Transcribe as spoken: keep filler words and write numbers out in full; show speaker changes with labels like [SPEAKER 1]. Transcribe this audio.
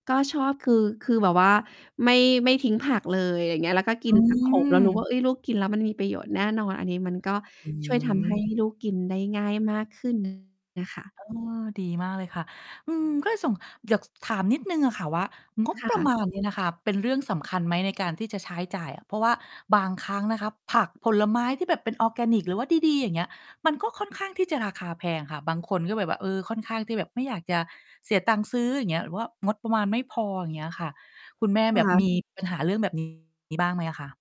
[SPEAKER 1] ก็ชอบคือ คือแบบว่าไม่ ไม่ทิ้งผักเลย ไรอย่างเงี้ย แล้วก็ก
[SPEAKER 2] อ
[SPEAKER 1] ิน ผัก โขม เรารู้ว่
[SPEAKER 2] ืม
[SPEAKER 1] า เฮ้ย ลูกกินแล้วมันมีประโยชน์แน่นอน อันนี้มันก็
[SPEAKER 2] อื
[SPEAKER 1] ช่วย ทำให้
[SPEAKER 2] ม
[SPEAKER 1] ลูกกินได้ง่ายมาก ขึ้น น่ะค่ะ
[SPEAKER 2] เออ ดีมากเลยค่ะ อืม ก็ส่ง อยาก ส ถามนิดหนึ่งอะค่ะว่า งบ
[SPEAKER 1] ค่
[SPEAKER 2] ประม
[SPEAKER 1] ะ
[SPEAKER 2] าณเนี่ยนะคะ เป็นเรื่องสำคัญไหม? ในการที่จะใช้จ่ายอะ เพราะว่าบางครั้งนะคะ ผัก ผลไม้ที่แบบเป็นออร์แกนิก หรือว่าดี ๆ อย่างเงี้ย มันก็ค่อนข้างที่จะราคาแพงค่ะ บางคนก็แบบว่า เออ ค่อนข้างที่แบบไม่อยากจะเสียตังค์ซื้อ อย่างเงี้ย หรือว่างดประมาณ ไม่พอ อย่างเงี้ยอะค่ะ คุณแม่
[SPEAKER 1] ค
[SPEAKER 2] แบบ
[SPEAKER 1] ่
[SPEAKER 2] มี
[SPEAKER 1] ะ
[SPEAKER 2] ปัญหาเรื่องแบบ นี้ บ้างไหมคะ?